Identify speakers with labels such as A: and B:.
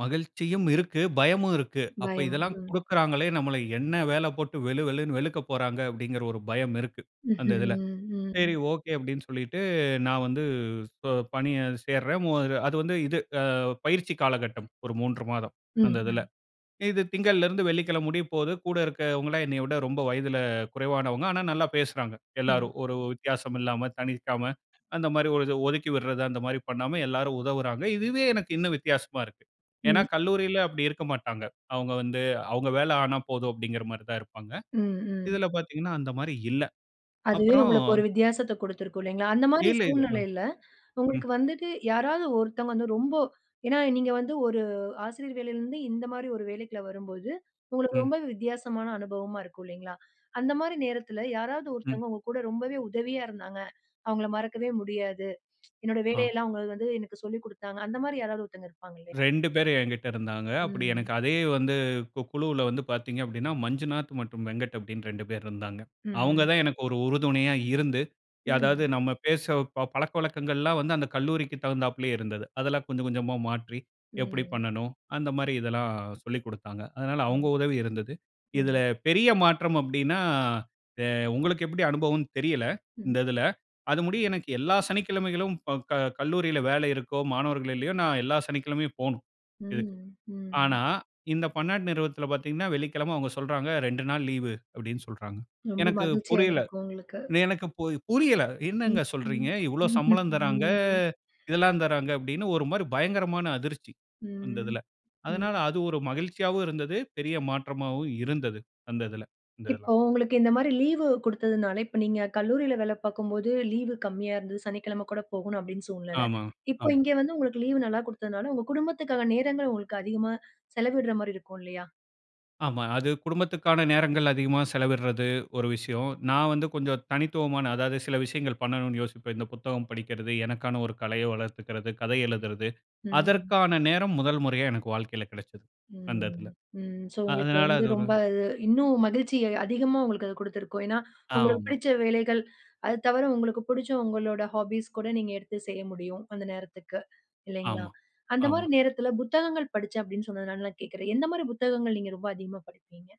A: மகிழ்ச்சியும் இருக்கு, பயமும் இருக்கு. "அப்போ
B: பயம்,
A: இதெல்லாம்
B: ம்.
A: குடுக்குறாங்களே, நம்மள என்ன வேல போட்டு வெளு வெளுன்னு வெளுக்க போறாங்க!" அப்டீங்குற ஒரு பயம் இருக்கு, அந்த இதுல.
B: ம்ஹம்,
A: "சரி,
B: ம்.
A: ஓகே." அப்டின்னு சொல்லிட்டு நான் வந்து ஸோ பணிய சேருறேன். மு அது வந்து இது அ பயிற்சி காலகட்டம், ஒரு 3 மாதம்,
B: ம்,
A: அந்த இதுல.
B: ம்.
A: இது திங்கள்ல இருந்து வெள்ளிக்கிழம முடிய போகுது, கூட இருக்கவங்கல்லாம் என்னைய விட ரொம்ப வயதுல குறைவானவங்க. ஆனா, நல்லா பேசுறாங்க, எல்லோரும்.
B: ம்.
A: ஒரு வித்தியாசம் இல்லாம, தனிர்க்காம, அந்த மாரி ஒரு இது, ஒதுக்கி விடுறது அந்த மாரி பண்ணாம, எல்லாரும் உதவுறாங்க. இதுவே எனக்கு இன்னும் வித்தியாசமா இருக்கு. ஏன்னா
B: ம்.
A: கல்லூரியில அப்படி இருக்க மாட்டாங்க. அவுங்க வந்து, அவுங்க வேல ஆனா போதும் அப்டிங்குற மாரி தான் இருப்பாங்க.
B: ம், ம்.
A: இதுல பாத்தீங்கன்னா, அந்த மாரி இல்ல.
B: அதுவே
A: அப்புறம்
B: உங்களுக்கு ஒரு வித்தியாசத்த குடுத்திருக்கும் இல்லைங்களா? அந்த மாரி
A: இல்ல, இல்ல. ம்,
B: சூழ்நிலையில,
A: ம்.
B: உங்களுக்கு வந்துட்டு யாராவது ஒருத்தவங்க வந்து ரொம்ப, ஏன்னா நீங்க வந்து ஒரு ஆசிரியர் வேலையிலேருந்து, இந்த மாரி ஒரு வேலைக்குள்ள வரும்போது, உங்களுக்கு
A: ம்.
B: ரொம்பவே வித்தியாசமான அனுபவமா இருக்கும் இல்லைங்களா? அந்த மாரி நேரத்துல யாராவது
A: ம்.
B: ஒருத்தவங்க உங்க கூட ரொம்பவே உதவியா இருந்தாங்க. அவங்கள மறக்கவே முடியாது. என்னோட
A: ஆ.
B: வேலையெல்லாம் அவங்க வந்து எனக்கு சொல்லிக் குடுத்தாங்க. அந்த மாரி யாராவது ஒருத்தங்க இருப்பாங்க இல்லையா?
A: 2 பேர் எங்கிட்ட இருந்தாங்க. அப்படி
B: ம்.
A: எனக்கு அதே வந்து, கு குழுவுல வந்து பாத்தீங்க அப்டின்னா, மஞ்சுநாத் மற்றும் வெங்கட் அப்டின்னு 2 பேர் இருந்தாங்க. அவுங்க தான்
B: ம்.
A: எனக்கு ஒரு உறுதுணையா இருந்து ய அதாவது
B: ம்.
A: நம்ம பேசவ் பழக்கவழக்கங்கள்லாம் வந்து, அந்த கல்லூரிக்கு தகுந்தாப்பிலயே இருந்தது. அதெல்லாம் கொஞ்சம், கொஞ்சமா மாற்றி, எப்படி
B: ம்.
A: பண்ணணும், அந்த மாரி இதெல்லாம் சொல்லிக்குடுத்தாங்க. அதனால அவுங்க
B: ம்.
A: உதவி இருந்தது. இதுல
B: ம்.
A: பெரிய மாற்றம் அப்டின்னா, எ உங்களுக்கு எப்படி அனுபவம்னு தெரியலை, இந்த
B: ம்.
A: இதுல. அது முடியும் எனக்கு எல்லா சனிக்கிழமைகலும் ப க கல்லூரியில வேலை இருக்கோ, மாணவர்கள் இல்லையோ, நான் எல்லா சனிக்கிழமையும் போணும் இதுக்கு.
B: ம், ம்.
A: ஆனா, இந்த பன்னாட்டு நிறுவனத்தில பாத்தீங்கன்னா, வெள்ளிக்கிழமை அவுங்க சொல்றாங்க, "2 நாள் லீவு" அப்டின்னு சொல்றாங்க.
B: ரொம்ப
A: எனக்கு
B: மகிழ்ச்சியா
A: புரியலை.
B: இருந்திருக்கும் உங்களுக்கு!
A: எனக்கு போய் புரியலை,
B: ம்.
A: "என்னாங்க
B: ம்.
A: சொல்றீங்க? இவ்ளோ
B: ம்ஹ்ம்,
A: சம்பளம் தர்றாங்க,
B: ம்.
A: இதெல்லாம் தராங்க!" அப்டின்னு, ஒரு மாரி பயங்கரமான அதிர்ச்சி அந்த
B: ம்,
A: இதுல. அதனால
B: ம்.
A: அது ஒரு மகிழ்ச்சியாவும் இருந்தது. பெரிய மாற்றமாவும் இருந்தது அந்த இதுல. இந்த எல்லாம்.
B: இப்போ உங்களுக்கு இந்த மாரி லீவு கொடுத்ததுனால, இப்ப நீங்க கல்லூரியில வேல பாக்கும்போது லீவு கம்மியா இருந்தது. சனிக்கிழமை கூட போகணும் அப்டின்னு சூழ்நிலை.
A: ஆமா,
B: இப்போ
A: ஆமா.
B: இங்க வந்து உங்களுக்கு லீவு நல்லா குடுத்தனால, உங்க குடும்பத்துக்கான நேரங்கள் உங்களுக்கு அதிகமா, செலவிடுற மாதிரி இருக்கும் இல்லையா?
A: ஆமா, அது குடும்பத்துக்கான நேரங்கள் அதிகமா செலவிடுறது ஒரு விஷயம். நான் வந்து கொஞ்சம் தனித்துவமான, அதாவது சில விஷயங்கள் பண்ணணும்னு யோசிப்பேன். இந்த புத்தகம் படிக்கிறது, எனக்கான ஒரு கலைய வளர்த்துக்கிறது, கதை எழுதுறது,
B: ம்.
A: அதற்கான நேரம் முதல் முறையா எனக்கு வாழ்க்கையில கிடைச்சது அந்த
B: ம்,
A: இதுல.
B: ம். ஸோ உங்களுக்கு
A: அதனால
B: வந்து
A: அது ஒரு
B: ரொம்ப அது, இன்னும் மகிழ்ச்சி அதிகமா உங்களுக்கு அது குடுத்துருக்கும். ஏன்னா, உங்களுக்கு
A: ஆமா.
B: பிடிச்ச வேலைகள், அது தவிர, உங்களுக்கு பிடிச்ச உங்களோட ஹாபீஸ் கூட நீங்க எடுத்து செய்ய முடியும், அந்த நேரத்துக்கு இல்லைங்களா?
A: ஆமா,
B: அந்த மாரி
A: ஆமா.
B: நேரத்துல புத்தகங்கள் படிச்சேன் அப்டின்னு சொன்னதுனால நான் கேட்கிறேன். எந்த மாரி புத்தகங்கள் நீங்க ரொம்ப அதிகமா படிப்பீங்க?